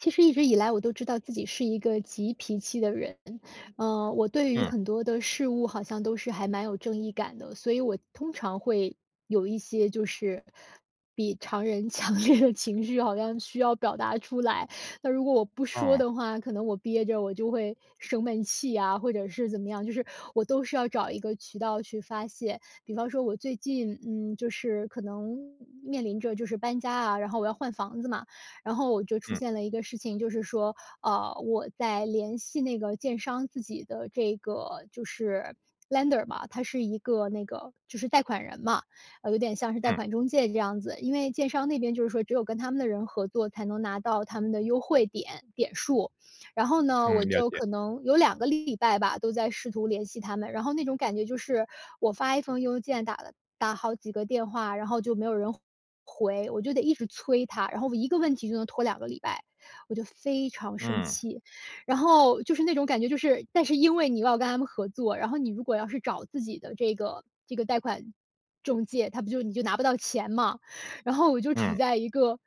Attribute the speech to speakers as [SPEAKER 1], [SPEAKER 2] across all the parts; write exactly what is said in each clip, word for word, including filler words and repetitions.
[SPEAKER 1] 其实一直以来，我都知道自己是一个急脾气的人，呃，我对于
[SPEAKER 2] 嗯。
[SPEAKER 1] 很多的事物，好像都是还蛮有正义感的。所以我通常会有一些就是比常人强烈的情绪，好像需要表达出来。那如果我不说
[SPEAKER 2] 哦。
[SPEAKER 1] 的话，可能我憋着，我就会生闷气啊，或者是怎么样，就是我都是要找一个渠道去发泄。比方说我最近，嗯，就是可能面临着，就是搬家啊，然后我要换房子嘛，然后我就出
[SPEAKER 2] 嗯。
[SPEAKER 1] 现了一个事情，就是说，呃，我在联系那个建商自己的这个就是 lender 嘛，他是一个那个就是贷款人嘛，呃，有点像是贷
[SPEAKER 2] 嗯。
[SPEAKER 1] 款中介这样子。因为建商那边就是说，只有跟他们的人合作，才能拿到他们的优惠点点数。然后呢，
[SPEAKER 2] 嗯，
[SPEAKER 1] 我
[SPEAKER 2] 了
[SPEAKER 1] 就
[SPEAKER 2] 解。
[SPEAKER 1] 可能有两个礼拜吧，都在试图联系他们，然后那种感觉就是，我发一封邮件，打了打好几个电话，然后就没有人回，我就得一直催他，然后我一个问题就能拖两个礼拜，我就非常生
[SPEAKER 2] 嗯。
[SPEAKER 1] 气。然后，就是那种感觉就是但是因为你要跟他们合作，然后你如果要是找自己的这个这个贷款中介，他不就你就拿不到钱嘛。然后我就处
[SPEAKER 2] 嗯。
[SPEAKER 1] 在一个，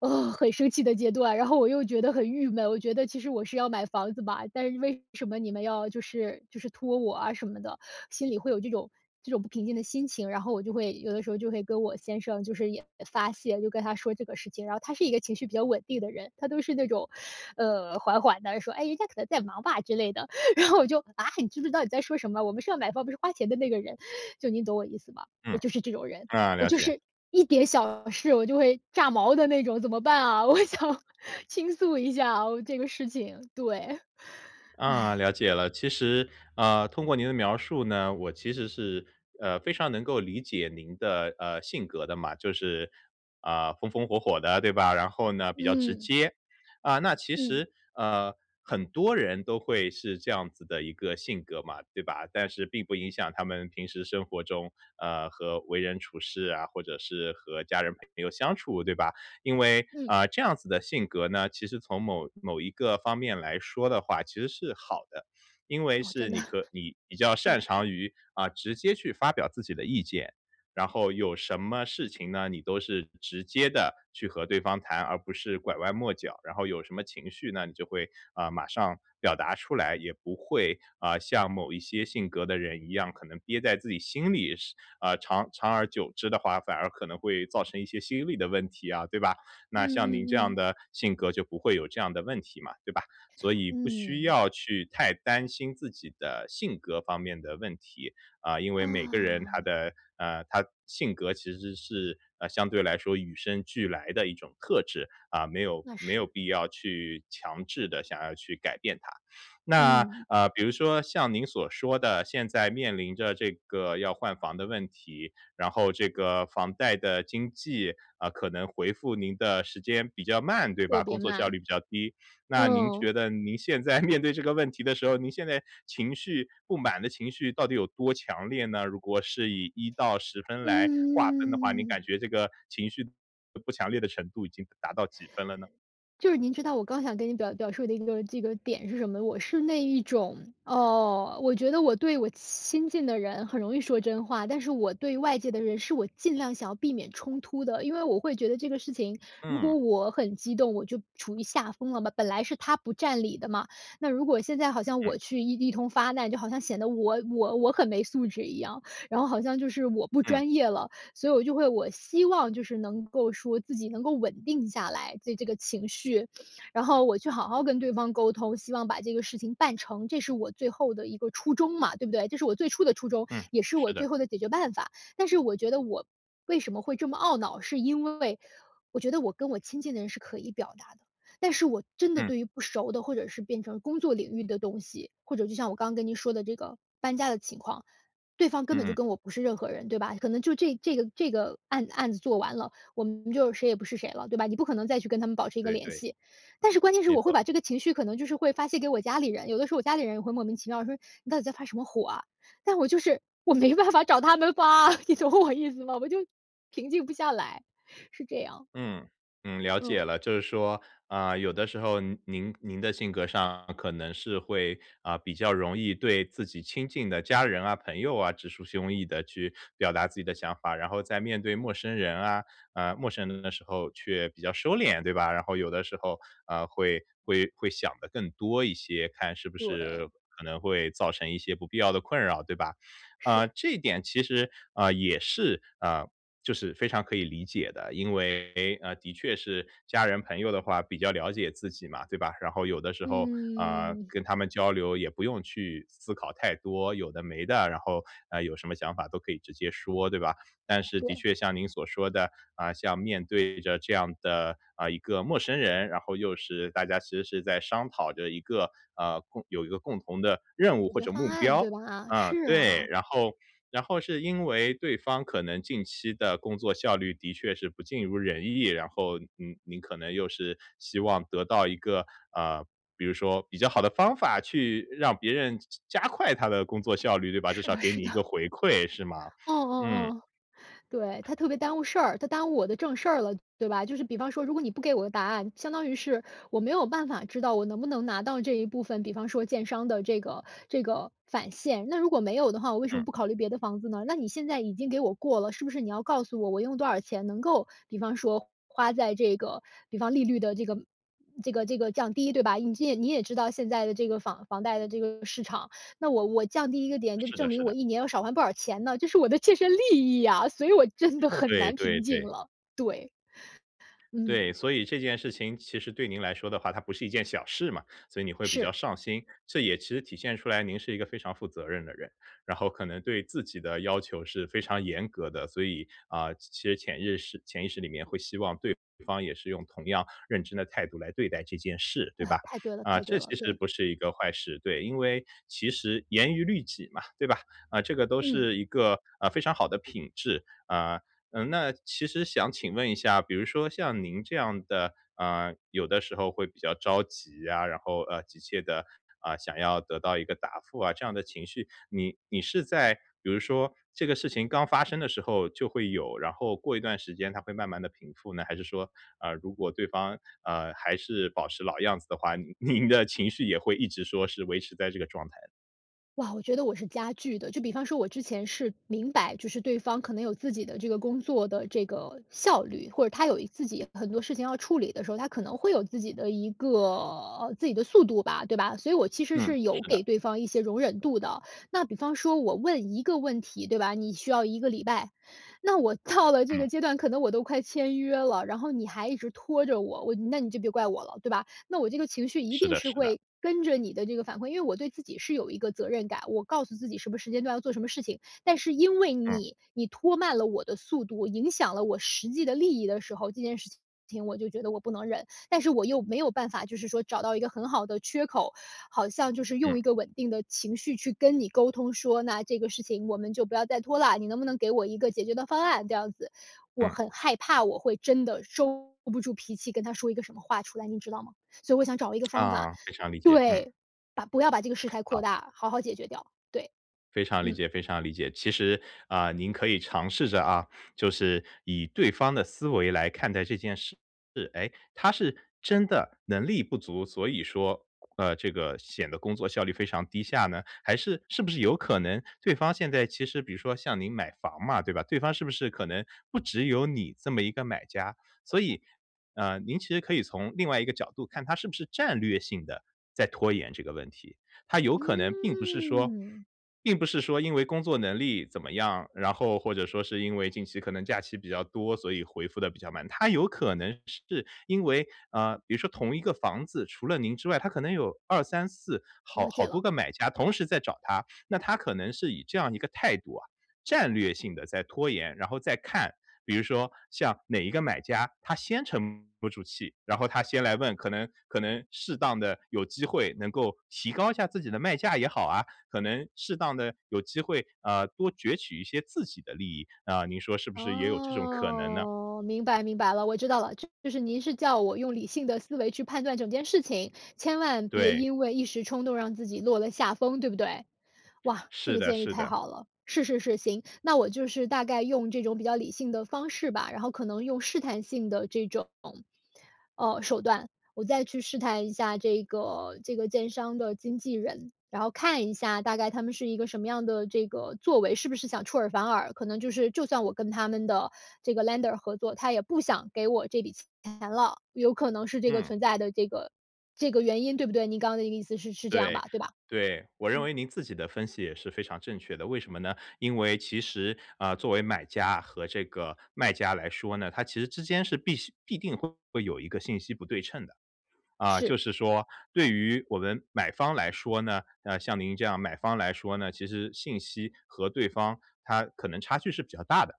[SPEAKER 1] 呃，很生气的阶段，然后我又觉得很郁闷。我觉得，其实我是要买房子吧，但是为什么你们要就是就是拖我啊什么的，心里会有这种这种不平静的心情。然后我就会有的时候就会跟我先生就是也发泄，就跟他说这个事情。然后他是一个情绪比较稳定的人，他都是那种，呃，缓缓地说：“哎，人家可能在忙吧”，之类的。然后我就：“啊，你知不知道你在说什么？我们是要买房，我们是花钱的那个人。”就你懂我意思吧？我
[SPEAKER 2] 嗯，
[SPEAKER 1] 就是这种人，
[SPEAKER 2] 啊，
[SPEAKER 1] 我
[SPEAKER 2] 了
[SPEAKER 1] 就
[SPEAKER 2] 解。
[SPEAKER 1] 是一点小事，我就会炸毛的那种，怎么办啊？我想倾诉一下啊，我这个事情，对，
[SPEAKER 2] 啊，
[SPEAKER 1] 唉。
[SPEAKER 2] 了解了。其实，呃，通过您的描述呢，我其实是，呃，非常能够理解您的，呃，性格的嘛，就是，呃，风风火火的，对吧？然后呢，比较直
[SPEAKER 1] 嗯。
[SPEAKER 2] 接。啊，那其
[SPEAKER 1] 嗯。
[SPEAKER 2] 实，呃，很多人都会是这样子的一个性格嘛，对吧？但是并不影响他们平时生活中，呃，和为人处事啊，或者是和家人朋友相处，对吧？因为，
[SPEAKER 1] 嗯。
[SPEAKER 2] 啊，这样子的性格呢，其实从某某一个方面来说的话，其实是好的。因为
[SPEAKER 1] 哦，
[SPEAKER 2] 是
[SPEAKER 1] 真的。
[SPEAKER 2] 你和你比较擅长 于，啊，直接去发表自己的意见，然后有什么事情呢，你都是直接地去和对方谈，而不是拐弯抹角，然后有什么情绪呢，你就会，啊，马上表达出来。也不会，啊，像某一些性格的人一样，可能憋在自己心里，是啊，长长而久之的话，反而可能会造成一些心理的问题啊，对吧？
[SPEAKER 1] 嗯
[SPEAKER 2] 那像您这
[SPEAKER 1] 嗯
[SPEAKER 2] 样
[SPEAKER 1] 嗯。
[SPEAKER 2] 的性格，就不会有这样的问题嘛，对吧？所以不需
[SPEAKER 1] 嗯。
[SPEAKER 2] 要去太担心自己的性格方面的问题，啊，因为每个人他
[SPEAKER 1] 啊。
[SPEAKER 2] 的呃，他性格其实是呃，相对来说，与生俱来的一种特质，啊，没有
[SPEAKER 1] 那
[SPEAKER 2] 没
[SPEAKER 1] 是。
[SPEAKER 2] 有必要去强制地想要去改变它。那
[SPEAKER 1] 嗯。
[SPEAKER 2] 呃，比如说像您所说的，现在面临着这个要换房的问题，然后这个房贷的经纪，啊，可能回复您的时间比较慢，对吧？
[SPEAKER 1] 特
[SPEAKER 2] 工
[SPEAKER 1] 别
[SPEAKER 2] 作效
[SPEAKER 1] 慢，
[SPEAKER 2] 率比较低。那您
[SPEAKER 1] 嗯。
[SPEAKER 2] 觉得您现在面对这个问题的时候，您现在情绪不满的情绪到底有多强烈呢？如果是以一到十分来划分的话，您感
[SPEAKER 1] 嗯。
[SPEAKER 2] 觉这个情绪不不强烈的程度，已经达到几分了呢？
[SPEAKER 1] 就是您知道，我刚想跟你表表述的一个这个点是什么？我是那一种，呃，我觉得我对我亲亲近的人，很容易说真话。但是我对外界的人，是我尽量想要避免冲突的。因为我会觉得这个事情，如
[SPEAKER 2] 嗯。
[SPEAKER 1] 果我很激动，我就处于下风了，本来是他不占理的嘛，那如果现在好像
[SPEAKER 2] 嗯。
[SPEAKER 1] 我去一一通发难，就好像显得我我我很没素质一样，然后好像就是我不
[SPEAKER 2] 嗯。
[SPEAKER 1] 专业了。所以我就会我希望就是能够说，自己能够稳定下来，对这个情绪。然后我去好好跟对方沟通，希望把这个事情办成，这是我最后的一个初衷嘛，对不对？这是我最初的初衷，
[SPEAKER 2] 嗯，
[SPEAKER 1] 也是
[SPEAKER 2] 是
[SPEAKER 1] 我最
[SPEAKER 2] 的。
[SPEAKER 1] 后的解决办法。但是我觉得我为什么会这么懊恼，是因为，我觉得我跟我亲近的人，是可以表达的，但是我真的
[SPEAKER 2] 嗯。
[SPEAKER 1] 对于不熟的，或者是变成工作领域的东西，或者就像我刚刚跟您说的这个搬家的情况，对方根本就
[SPEAKER 2] 嗯。
[SPEAKER 1] 跟我不是任何人，对吧？可能就这这个这个案子案子做完了，我们就谁也不是谁了，对吧？你不可能再去跟他们保持一个
[SPEAKER 2] 对
[SPEAKER 1] 联
[SPEAKER 2] 对。
[SPEAKER 1] 系。但是关键是，
[SPEAKER 2] 没
[SPEAKER 1] 我会
[SPEAKER 2] 错。
[SPEAKER 1] 把这个情绪，可能就是会发泄给我家里人，有的时候我家里人，也会莫名其妙说：“你到底在发什么火啊？”但我就是我没办法找他们发啊，你懂我意思吗？我就平静不下来，是这样。
[SPEAKER 2] 嗯，嗯，了解
[SPEAKER 1] 嗯。
[SPEAKER 2] 了，就是说，呃，有的时候您您的性格上可能是会，呃，比较容易对自己亲近的家人啊、朋友啊，直抒胸臆地去表达自己的想法。然后在面对陌生人啊呃，陌生人的时候却比较收敛，对吧？然后有的时候，呃，会会会想得更多一些，看是不是
[SPEAKER 1] 对。
[SPEAKER 2] 可能会造成一些不必要的困扰，对吧？
[SPEAKER 1] 是。
[SPEAKER 2] 呃，这一点其实，啊，也是啊，就是非常可以理解的，因为，呃，确是家人朋友的话，比较了解自己嘛，对吧？然后有的时候，啊，
[SPEAKER 1] 嗯。
[SPEAKER 2] 跟他们交流也不用去思思考太多有的没的，然后，呃，有什么想法都可以直接说，对吧？但是，的
[SPEAKER 1] 对。
[SPEAKER 2] 确像您所说的，啊，像面对着这样的，呃，一个陌生人，然后又是，大家其实是在商讨着一个呃，共有一个共同的任务
[SPEAKER 1] 解
[SPEAKER 2] 或
[SPEAKER 1] 决
[SPEAKER 2] 者
[SPEAKER 1] 方
[SPEAKER 2] 目
[SPEAKER 1] 案，对
[SPEAKER 2] 标。
[SPEAKER 1] 吧？
[SPEAKER 2] 啊，
[SPEAKER 1] 是
[SPEAKER 2] 对，
[SPEAKER 1] 啊。
[SPEAKER 2] 然后然后是因为，对方可能近期的工作效率，的确是不尽如人意，然后你你可能又是希望得到一个呃，比如说比较好的方法，去让别人加加快他的工作效率，对吧？至
[SPEAKER 1] 是
[SPEAKER 2] 少要
[SPEAKER 1] 的
[SPEAKER 2] 给
[SPEAKER 1] 是
[SPEAKER 2] 你一个
[SPEAKER 1] 的。
[SPEAKER 2] 回馈，是吗？
[SPEAKER 1] 哦哦
[SPEAKER 2] 嗯。
[SPEAKER 1] 哦。对，他特别耽误事儿，他耽误我的正事儿了，对吧？就是比方说，如果你不给我个答案，相当于是，我没有办法知道，我能不能拿到这一部分，比方说建商的这个这个返现，那如果没有的话，我为什么
[SPEAKER 2] 嗯。
[SPEAKER 1] 不考虑别的房子呢？那你现在已经给我过了，是不是你要告诉我，我用多少钱能够比方说，花在这个比方利率的这个这个这个降低，对吧？你这也你也知道现在的这个房房贷的这个市场，那我我降低一个点，就
[SPEAKER 2] 是的
[SPEAKER 1] 证明
[SPEAKER 2] 是
[SPEAKER 1] 我
[SPEAKER 2] 的。
[SPEAKER 1] 一年要少还不少钱呢，这是我的切身利益啊，所以我真的很
[SPEAKER 2] 对
[SPEAKER 1] 难
[SPEAKER 2] 对
[SPEAKER 1] 平静
[SPEAKER 2] 对。
[SPEAKER 1] 了，对。
[SPEAKER 2] 对，
[SPEAKER 1] 嗯。
[SPEAKER 2] 所以这件事情，其实对您来说的话，它不是一件小事嘛，所以你会比较
[SPEAKER 1] 是。
[SPEAKER 2] 上心，这也其实体现出来，您是一个非常负责任的人。然后可能对自己的要求，是非常严格的，所以，啊，其其实潜意识潜意识里面会希望，对方也是用同样认真的态度，来对待这件事，对
[SPEAKER 1] 呃，
[SPEAKER 2] 吧？
[SPEAKER 1] 太对了
[SPEAKER 2] 啊，
[SPEAKER 1] 太对
[SPEAKER 2] 这
[SPEAKER 1] 了，
[SPEAKER 2] 其实
[SPEAKER 1] 对。
[SPEAKER 2] 不是一个坏事。对，因为其实“严于律己”嘛，对吧？啊，这个都
[SPEAKER 1] 嗯。
[SPEAKER 2] 是一个，呃，非常好的品质。啊，呃，那其实想请问一下，比如说像您这样的啊，有的时候会比较着急啊，然后呃，急切地，啊，想要得到一个答复啊，这样的情绪。你你是在，比如说这个事情刚发生的时候就会有，然后过一段时间它会慢慢地平复呢？还是说，啊，如果对方，啊，还是保持老样子的话，你您的情绪也会一直说是维持在这个状态？
[SPEAKER 1] 哇，我觉得我是加剧的。就比方说，我之前是明白，就是对方可能有自己的这个工作的这个效率，或者他有一自己很多事情要处理的时候，他可能会有自己的一个呃，自己的速度吧，对吧？所以我其实
[SPEAKER 2] 嗯，
[SPEAKER 1] 是
[SPEAKER 2] 是
[SPEAKER 1] 有给
[SPEAKER 2] 的。
[SPEAKER 1] 对方一些容忍度的。那比方说我问一个问题，对吧，你需要一个礼拜。那我到了这
[SPEAKER 2] 嗯。
[SPEAKER 1] 个阶段，可能我都快签约了，然后你还一直拖着我，我那你就别怪我了，对吧？那我这个情绪一
[SPEAKER 2] 是
[SPEAKER 1] 定
[SPEAKER 2] 的
[SPEAKER 1] 是
[SPEAKER 2] 是的。
[SPEAKER 1] 会，跟着你的这个反馈因为我对自己是有一个责任感，我告诉自己什么时间段要做什么事情。但是因为
[SPEAKER 2] 嗯。
[SPEAKER 1] 你，你拖慢了我的速度，影响了我实际的利益的时候，这件事情情我就觉得我不能忍。但是我又没有办法，就是说找到一个很好的缺口，好像就是
[SPEAKER 2] 嗯。
[SPEAKER 1] 用一个稳定的情绪去跟你沟通，说：“那这个事情我们就不要再拖啦，你能不能给我一个解决的方案。”这样子。我
[SPEAKER 2] 嗯。
[SPEAKER 1] 很害怕我会真的收不住脾气，跟他说一个什么话出来，你知道吗？所以我想找一个 方法
[SPEAKER 2] 啊，非常理解，嗯。
[SPEAKER 1] 对，把不要把这个事态扩
[SPEAKER 2] 好。
[SPEAKER 1] 大，好好解决掉，对，
[SPEAKER 2] 非常理
[SPEAKER 1] 嗯。
[SPEAKER 2] 解非常理解。其实，啊，您可以尝试着啊，就是以对方的思维来看待这件事。诶，他是真的能力不足，所以说，呃，这个显得工作效率非常低下呢？还是是不是有可能对方现在其实比如说像您买房嘛，对吧？对方是不是可能不只有你这么一个买家，所以呃，您其实可以从另外一个角度看，他是不是战略性地在拖延这个问题。他有可能并不是说
[SPEAKER 1] 嗯。
[SPEAKER 2] 并不是说因为工作能力怎么样，然后或者说是因为近期可能假期比较多，所以回复得比较慢。他有可能是因为呃，比如说同一个房子，除了您之外，他可能有二三四好
[SPEAKER 1] 了
[SPEAKER 2] 好
[SPEAKER 1] 解
[SPEAKER 2] 多
[SPEAKER 1] 了。
[SPEAKER 2] 个买家同时在找他。那他可能是以这样一个态度啊，战略性地在拖延，然后再看。比如说像哪一个买家，他先沉不住气，然后他先来问，可能可能适当地有机会能够提高一下自己的卖价也好啊，可能适当地有机会，啊，多攫取一些自己的利益。啊，您说是不是也有这种可能呢？
[SPEAKER 1] 哦，明白明白了。我知道了，就是您是叫我用理性的思维去判断整件事情，千万别
[SPEAKER 2] 对。
[SPEAKER 1] 因为一时冲动让自己落了下风，对不对？哇，这
[SPEAKER 2] 是
[SPEAKER 1] 个
[SPEAKER 2] 的
[SPEAKER 1] 建议
[SPEAKER 2] 是
[SPEAKER 1] 太
[SPEAKER 2] 的。
[SPEAKER 1] 好了，是是是，行。那我就是大概用这种比较理性的方式吧，然后可能用试探性的这种，呃，手段，我再去试探一下这个这个建商的经纪人。然后看一下大概他们是一个什么样的这个作为，是不是想出尔反尔。可能就是就算我跟他们的这个 lender 合作，他也不想给我这笔钱了。有可能是这个
[SPEAKER 2] 嗯。
[SPEAKER 1] 存在的这个这个原因，对不对？您刚刚的意思是是这样
[SPEAKER 2] 对，
[SPEAKER 1] 吧，对吧？
[SPEAKER 2] 对，我认
[SPEAKER 1] 嗯。
[SPEAKER 2] 为您自己的分析也是非常正确的。为什么呢？因为其实，呃，作为买家和这个卖家来说呢，它其实之间是必须必定会有一个信息不对称的。啊，
[SPEAKER 1] 是。
[SPEAKER 2] 就是说对于我们买方来说呢呃，像您这样买方来说呢，其实信息和对方它可能差距是比较大的。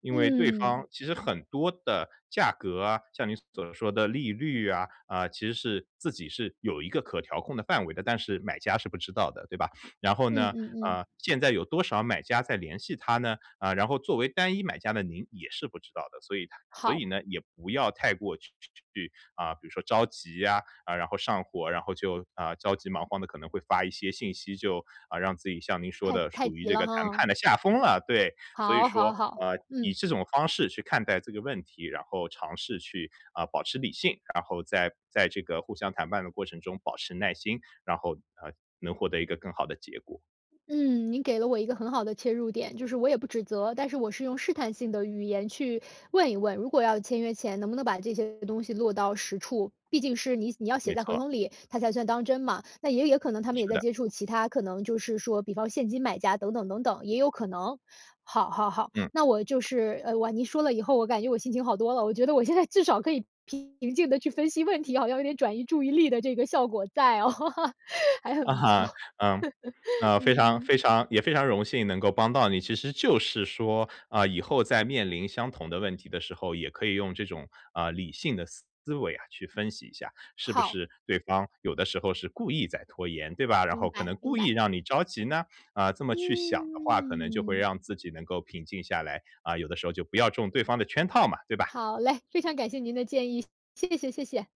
[SPEAKER 2] 因为对方
[SPEAKER 1] 嗯。
[SPEAKER 2] 其实很多的价格啊，像您所说的利率啊，啊，其实是自己是有一个可调控的范围的，但是买家是不知道的，对吧？然后
[SPEAKER 1] 嗯
[SPEAKER 2] 呢，
[SPEAKER 1] 嗯嗯。
[SPEAKER 2] 啊，现在有多少买家在联系他呢？啊，然后作为单一买家的您也是不知道的，所以他所
[SPEAKER 1] 好。
[SPEAKER 2] 以呢，也不要太过去去去啊，比如说着急呀，啊，然后上火，然后就，呃，着急忙慌地，可能会发一些信息，就，呃，让自己像您说
[SPEAKER 1] 太
[SPEAKER 2] 的
[SPEAKER 1] 太
[SPEAKER 2] 处于
[SPEAKER 1] 急
[SPEAKER 2] 这
[SPEAKER 1] 了
[SPEAKER 2] 个谈
[SPEAKER 1] 哈。
[SPEAKER 2] 判的下风了，对。所以
[SPEAKER 1] 好好
[SPEAKER 2] 说，
[SPEAKER 1] 好，
[SPEAKER 2] 呃，以
[SPEAKER 1] 嗯。
[SPEAKER 2] 这种方式去看待这个问题，然后尝试去，呃，保持理性。然后在在这个互相谈判的过程中保持耐心。然后，呃，能获得一个更好的结果。
[SPEAKER 1] 嗯，您给了我一个很好的切入点。就是我也不指责，但是我是用试探性的语言去问一问，如果要签约前能不能把这些东西落到实处，毕竟是你你要写
[SPEAKER 2] 没
[SPEAKER 1] 在合
[SPEAKER 2] 错。
[SPEAKER 1] 同里，它才算当真嘛。那也也可能他们也
[SPEAKER 2] 是
[SPEAKER 1] 在
[SPEAKER 2] 的。
[SPEAKER 1] 接触其他可能就是说，比方现金买家等等等等，也有可能。好好好，
[SPEAKER 2] 嗯。
[SPEAKER 1] 那我就是呃，哇，您说了以后，我感觉我心情好多了，我觉得我现在至少可以平静地去分析问题，好像有点转移注意力的这个效果在哦，还很
[SPEAKER 2] 啊
[SPEAKER 1] 不错，
[SPEAKER 2] 哈，呃，呃，非常
[SPEAKER 1] 嗯。
[SPEAKER 2] 非常也非常荣幸能够帮到你。其实就是说，呃，以后在面临相同的问题的时候，也可以用这种，呃，理性的思维呀去分析一下，是不
[SPEAKER 1] 好。
[SPEAKER 2] 是对方有的时候是故意在拖延，对吧？然
[SPEAKER 1] 明
[SPEAKER 2] 后可能
[SPEAKER 1] 白明
[SPEAKER 2] 故意
[SPEAKER 1] 白。
[SPEAKER 2] 让你着急呢？啊，这么去想的话，可能就会
[SPEAKER 1] 嗯。
[SPEAKER 2] 让自己能够平静下来，啊，有的时候就不要中对方的圈套嘛，对吧？
[SPEAKER 1] 好嘞，非常感谢您的建议，谢谢谢谢。